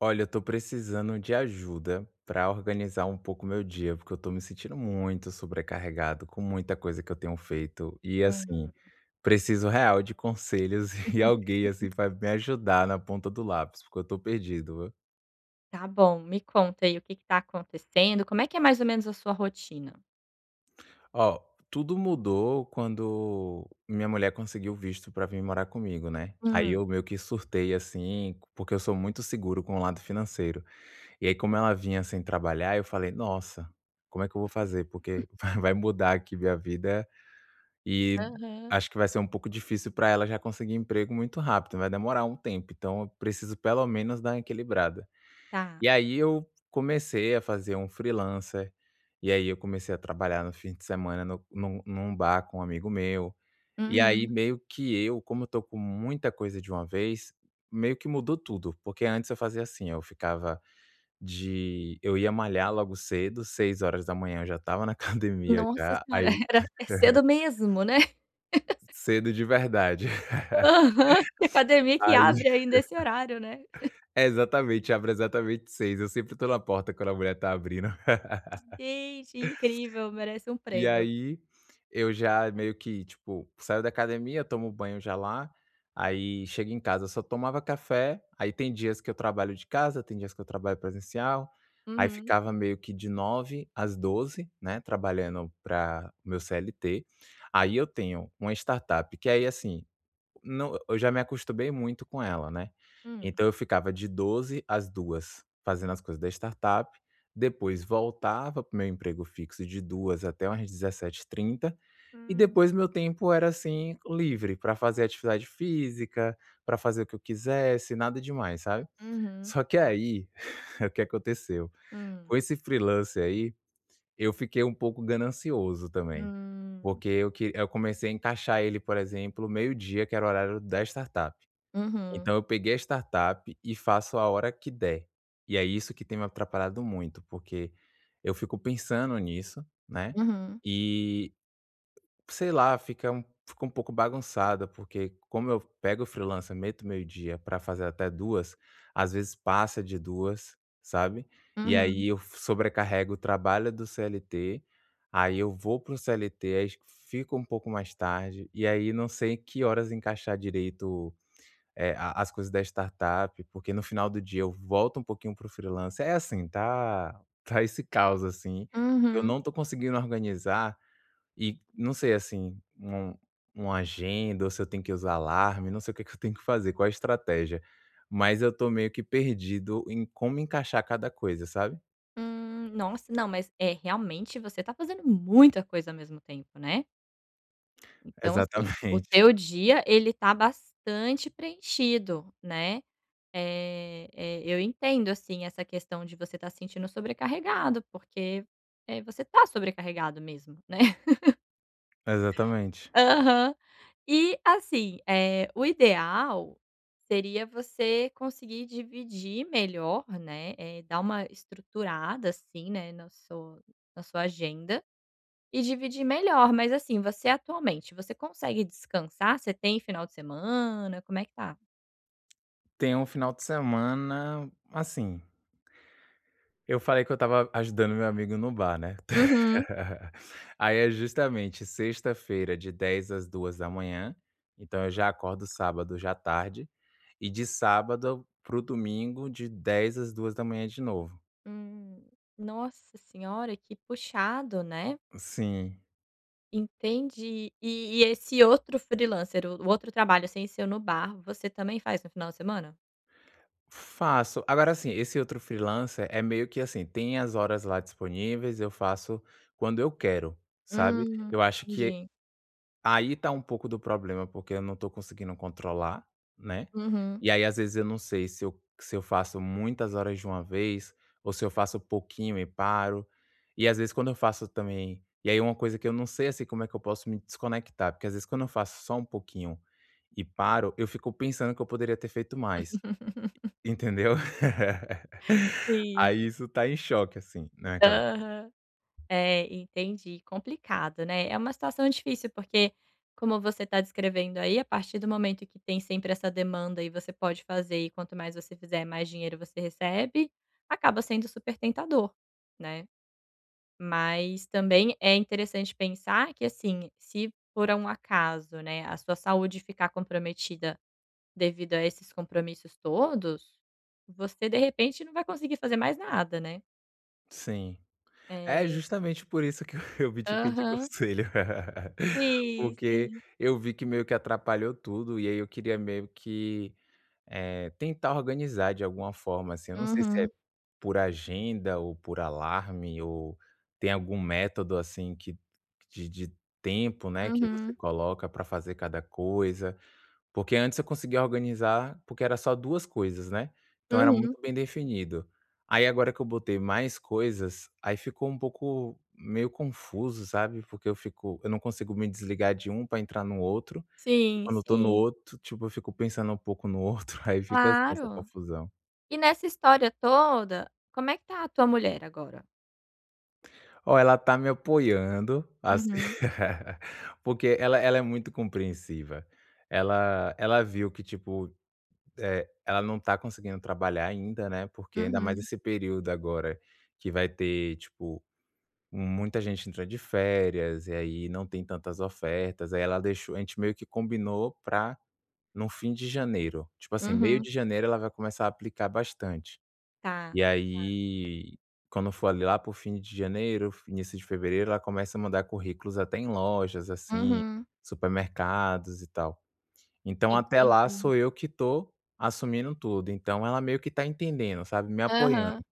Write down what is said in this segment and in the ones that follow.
Olha, eu tô precisando de ajuda pra organizar um pouco o meu dia, porque eu tô me sentindo muito sobrecarregado com muita coisa que eu tenho feito, e assim, Uhum. preciso real de conselhos e alguém assim, que vai me ajudar na ponta do lápis, porque eu tô perdido, o Tá bom, me conta aí o que que tá acontecendo. Como é que é mais ou menos a sua rotina? Oh, tudo mudou quando minha mulher conseguiu o visto pra vim morar comigo, né. Aí, Hum. eu meio que surtei assim, porque eu sou muito seguro com o lado financeiro, e aí como ela vinha sem trabalhar, eu falei: "Nossa, como é que eu vou fazer?". Porque vai mudar aqui minha vida, e Aham. acho que vai ser um pouco difícil pra ela já conseguir emprego muito rápido, vai demorar um tempo, então, eu preciso pelo menos dar uma equilibrada. Tá. E aí eu comecei a fazer um freelancer, e aí eu comecei a trabalhar no fim de semana no num num bar com um amigo meu. E aí, Uhum. meio que eu como eu tô com muita coisa de uma vez, meio que mudou tudo, porque antes eu fazia assim, eu ficava de eu ia malhar logo cedo, 6 horas da manhã eu já estava na academia Nossa já, Senhora! aí Era é cedo mesmo, né? Cedo de verdade. Aham! Tem academia que Aí abre ainda esse horário, né? É, exatamente, abre exatamente 6, eu sempre tô na porta quando a mulher tá abrindo. Gente! incrível! Merece um E prêmio. aí, eu já, meio que tipo, saio da academia, tomo banho já lá, aí chega em casa, só tomava café. Aí tem dias que eu trabalho de casa, tem dias que eu trabalho presencial. Aí Uhum. ficava meio que de 9h às 12h, né, trabalhando para meu CLT. Aí eu tenho uma startup que aí, assim Não, eu já me acostumei muito com ela, né? Hum. Então eu ficava de 12h às 14h fazendo as coisas da startup, depois voltava pro meu emprego fixo de 14h até umas 17h30, e Uhum. depois meu tempo era assim, livre pra fazer atividade física, pra fazer o que eu quisesse, nada demais, sabe? Uhum. Só que Tá. aí, o que aconteceu? Hum. Com esse freelancer aí, eu fiquei um pouco ganancioso também, Hum. porque eu que eu comecei a encaixar ele, por exemplo, meio dia que era o horário da startup. Então, Uhum. eu peguei a startup e faço a hora que der. E é isso que tem me atrapalhado muito porque eu fico pensando nisso, né. Uhum. E, sei lá, fica um fica um pouco bagunçada porque como eu pego o freelancer, meto meio dia pra fazer até 14h, às vezes, passa de 14h, sabe? E Uhum. aí eu sobrecarrego o trabalho do CLT. Aí eu vou para o CLT, aí fico um pouco mais tarde, e aí não sei que horas encaixar direito o eh, a as coisas da startup. Porque no final do dia eu volto um pouquinho para o freelancer. É assim, tá tá esse caos assim, que eu Uhum. não tô conseguindo organizar, e não sei assim, um uma agenda? Ou se eu tenho que usar alarme? Não sei o que que eu tenho que fazer. Qual a estratégia? Mas eu tô meio que perdido em como encaixar cada coisa, sabe? Hum, Nossa! Não, mas é realmente você tá fazendo muita coisa ao mesmo tempo, né? Então, assim, o Exatamente. teu dia, ele tá bastante preenchido, né? Eh eh, eu entendo, assim, essa questão de você estar sentindo sobrecarregado, porque, eh, você tá sobrecarregado mesmo, né? Exatamente. Aham. E, assim, eh, o ideal seria você conseguir dividir melhor, né, eh, dar uma estruturada, assim, né, no so na sua agenda e dividir melhor. Mas, assim, você, atualmente, você consegue descansar? Você tem final de semana? Como é que tá? Tem um final de semana assim eu falei que eu estava ajudando o meu amigo no bar, né? Uhum. Aí, é justamente sexta-feira de 22:00 às 02:00, então eu já acordo sábado já tarde. E de sábado para o domingo de 22:00 às 02:00 de novo. Hum. Nossa senhora, que puxado, né? Sim. Entendi. E e esse outro freelancer, o o outro trabalho sem ser no bar, você também faz no final de semana? Faço. Agora, assim, esse outro freelancer é meio que assim: tem as horas lá disponíveis, eu faço quando eu quero, sabe? Hum, Eu acho que entendi. aí tá um pouco do problema, porque eu não tô conseguindo controlar, né? Uhum. E, aí, às vezes, eu não sei se eu se eu faço muitas horas de uma vez, ou se eu faço pouquinho e paro. E, às vezes, quando eu faço também e aí, uma coisa que eu não sei, assim, como é que eu posso me desconectar. Porque às vezes quando eu faço só um pouquinho e paro, eu fico pensando que eu poderia ter feito mais. Entendeu? Sim. Aí isso tá em choque, assim, na minha ca Aham. É, entendi. Complicado, né? É uma situação difícil, porque, como você tá descrevendo aí, a partir do momento que tem sempre essa demanda e você pode fazer, e quanto mais você fizer, mais dinheiro você recebe, acaba sendo super tentador, né? Mas também é interessante pensar que, assim, se por um acaso, né, a sua saúde ficar comprometida devido a esses compromissos todos, você, de repente, não vai conseguir fazer mais nada, né? Sim. É É. justamente por isso que eu vim te pedir Aham. conselho. Sim, Porque sim. eu vi que meio que atrapalhou tudo e aí eu queria meio que, eh, tentar organizar de alguma forma, assim. Eu não sei se é Uhum. por agenda ou por alarme ou tem algum método assim que de de tempo, né, que você Uhum. coloca pra fazer cada coisa. Porque antes, eu conseguia organizar porque era só duas coisas né. Então, era Uhum. muito bem definido. Aí, agora que eu botei mais coisas aí ficou um pouco, meio confuso, sabe? Porque eu fico eu não consigo me desligar de um pra entrar no outro. Sim, Quando eu estou no sim. outro, tipo, eu fico pensando pouco no outro. Aí fica assim essa Claro. confusão. E nessa história toda, como é que está a tua mulher agora? Olha, ela está me apoiando, assim, Uhum. porque ela ela é muito compreensiva. Ela ela viu que tipo, eh, ela não está conseguindo trabalhar ainda, né, porque ainda mais Uhum. esse período agora, que vai ter, tipo, muita gente entra de férias e aí, não tem tantas ofertas. Aí, ela deixou a gente meio que combinou pra no fim de janeiro, tipo assim, meio Uhum. de janeiro, ela vai começar a aplicar bastante. Tá, E tá. aí, quando for lá pro fim de janeiro, início de fevereiro ela começa a mandar currículos até em lojas assim, Uhum. supermercados e tal. Então, até lá, sou Entendi. eu que estou assumindo tudo. Então, ela meio que está entendendo, sabe. Me Aham. apoiando.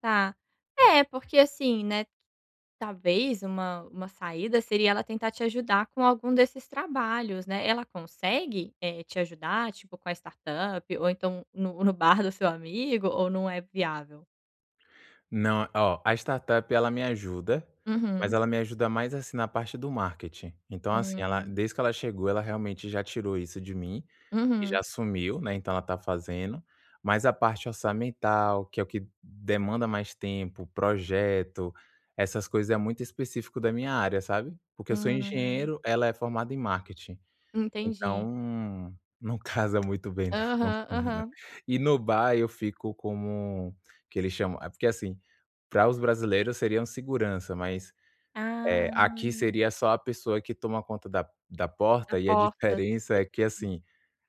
Tá. Eh, porque assim, né, talvez uma uma saída seria ela tentar te ajudar com algum desses trabalhos, né? Ela consegue, eh, te ajudar tipo com a startup ou então, no no bar do seu amigo? Ou não é viável? Não. Oh a startup, ela me ajuda, mas Uhum. ela me ajuda mais, assim, na parte do marketing. Então assim, ela Hum. desde que ela chegou, ela realmente já tirou isso de mim, e já Uhum. assumiu, né, então ela tá fazendo, mas a parte orçamental, que é o que demanda mais tempo, projeto, essas coisas é muito específico da minha área, sabe? Porque eu sou Ah. engenheiro, ela é formada em marketing. Entendi. Então, não casa muito bem não Aham. com ela Aham. E no bar, eu fico Como que eles chamam? É, porque assim, para os brasileiros seria um segurança, mas, eh, aqui Ah. seria só a pessoa que toma conta da da A porta e a porta. E diferença é que sim. assim,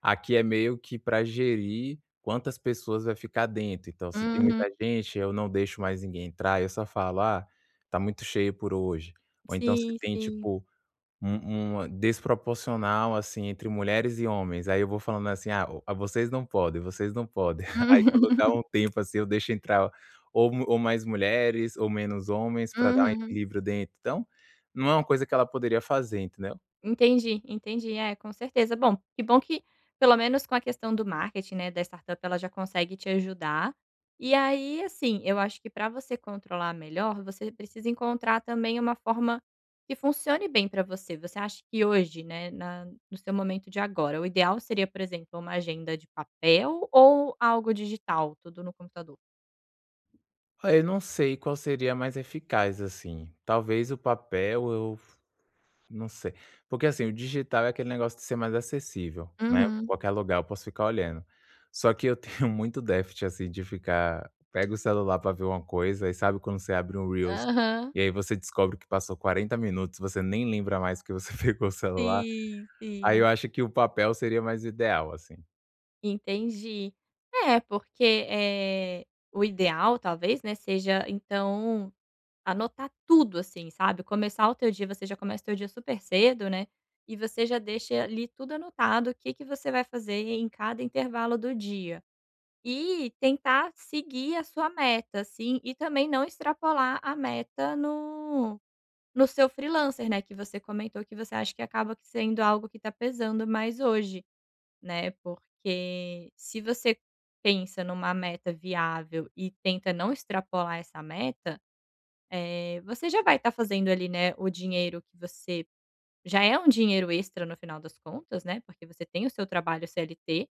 aqui é meio que pra gerir quantas pessoas vai ficar dentro. Então, se tem Uhum. muita gente, eu não deixo mais ninguém entrar, eu só falo: "Ah, tá muito cheio por hoje". Ou então, se Sim, tem sim. tipo, um uma desproporcional assim, entre mulheres e homens, aí eu vou falando assim: "Ah, o vocês não podem, vocês não podem". Aí quando dá um tempo assim, eu deixo entrar ou ou mais mulheres ou menos homens pra dar um Uhum. equilíbrio dentro. Então, não é uma coisa que ela poderia fazer, entendeu? Entendi, entendi. É, com certeza. Bom que bom que pelo menos com a questão do marketing, né, da startup, ela já consegue te ajudar. E aí assim, eu acho que pra você controlar melhor, você precisa encontrar também uma forma que funcione bem pra você. Você acha que hoje, né, na no seu momento de agora, o ideal seria, por exemplo, uma agenda de papel ou algo digital? Tudo no computador. Ai, não sei qual seria mais eficaz, assim. Talvez o papel? Eu f não sei. Porque assim, o digital é aquele negócio de ser mais acessível, né. Uhum. Qualquer lugar eu posso ficar olhando, só que eu tenho muito déficit assim, de ficar pega o celular pra ver uma coisa e, sabe, quando você abre um Reels, Aham. e aí você descobre que passou 40 minutos. Você nem lembra mais porque você pegou o celular. Sim! Aí eu Sim! acho que o papel seria mais ideal, assim. Entendi. É, porque, eh, o ideal talvez, né, seja então, anotar tudo assim, sabe? Começar o teu dia você já começa o teu dia super cedo, né, e você já deixa, eh, ali, tudo anotado, o que que você vai fazer e em cada intervalo do dia. E tentar seguir a sua meta assim, e também não extrapolar a meta no no seu freelancer, né, que você comentou que você acha que acaba que sendo algo que tá pesando mais hoje, né? Porque se você pensa numa meta viável e tenta não extrapolar essa meta, eh, você já vai tá fazendo ali, né, o dinheiro que você já é um dinheiro extra no final das contas, né, porque você tem o seu trabalho CLT.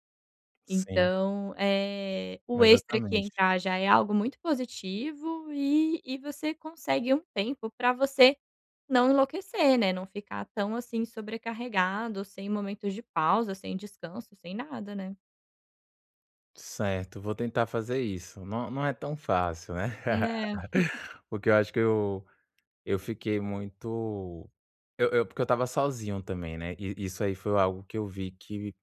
Sim. Então, eh, o extra que Exatamente. entrar já é algo muito positivo e e você consegue um tempo pra você não enlouquecer, né? Não ficar tão, assim, sobrecarregado, sem momentos de pausa, sem descanso, sem nada, né? Certo, vou tentar fazer isso. Não não é tão fácil, né? Hum, é. Porque eu acho que eu eu fiquei muito eu eu porque eu estava sozinho também, né? E e isso aí foi algo que eu vi que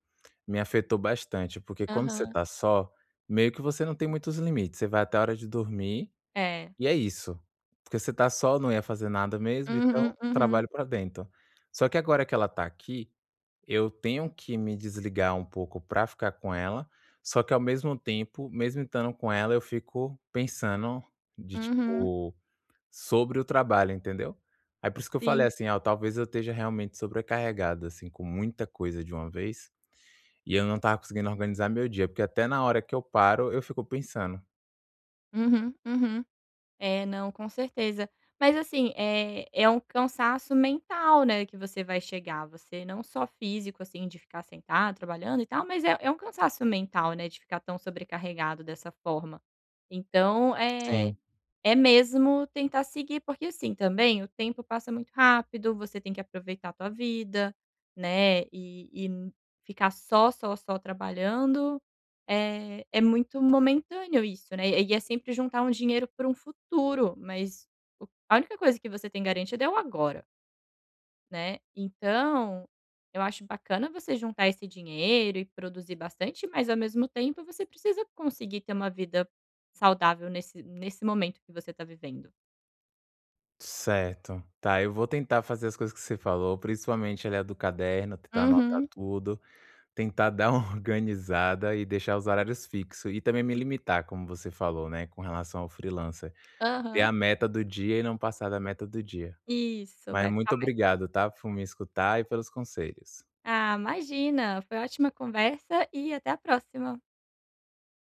me afetou bastante, porque quando você Aham. tá só, meio que você não tem muitos limites, você vai até a hora de dormir É. e é isso. Porque você tá só, não ia fazer nada mesmo, Uhum, então uhum. trabalho pra dentro. Só que, agora que ela tá aqui, eu tenho que me desligar um pouco pra ficar com ela. Só que ao mesmo tempo, mesmo estando com ela, eu fico pensando de Uhum. tipo, sobre o trabalho, entendeu? Aí por isso que eu falei Sim. assim: "Olha, talvez eu esteja realmente sobrecarregado assim, com muita coisa de uma vez". E eu não estava conseguindo organizar meu dia, porque até na hora que eu paro, eu fico pensando. Uhum, uhum. É, não, com certeza. Mas assim, eh, é um cansaço mental, né? Que você vai chegar, você não só físico assim de ficar sentado, trabalhando e tal, mas é é um cansaço mental, né? De ficar tão sobrecarregado dessa forma. Então, eh, Sim. é mesmo tentar seguir. Porque, assim também, o tempo passa muito rápido, você tem que aproveitar tua vida, né? E e ficar só, só, só trabalhando, eh, é muito momentâneo isso, né? E é sempre juntar um dinheiro para um futuro, mas o a única coisa que você tem garantido é o agora Né? Então, eu acho bacana você juntar esse dinheiro e produzir bastante, mas, ao mesmo tempo, você precisa conseguir ter uma vida saudável nesse nesse momento que você tá vivendo. Certo. Tá, eu vou tentar fazer as coisas que você falou, principalmente ali a do caderno, tentar anotar Uhum. tudo, tentar dar uma organizada e deixar os horários fixo e também me limitar como você falou, né? Com relação ao freelancer. Ter Aham. a meta do dia e não passar da meta do dia. Isso, Mas vai ficar muito mais fá obrigado, tá? Por me escutar e pelos conselhos. Ah, imagina! Foi ótima a conversa. E, até a próxima.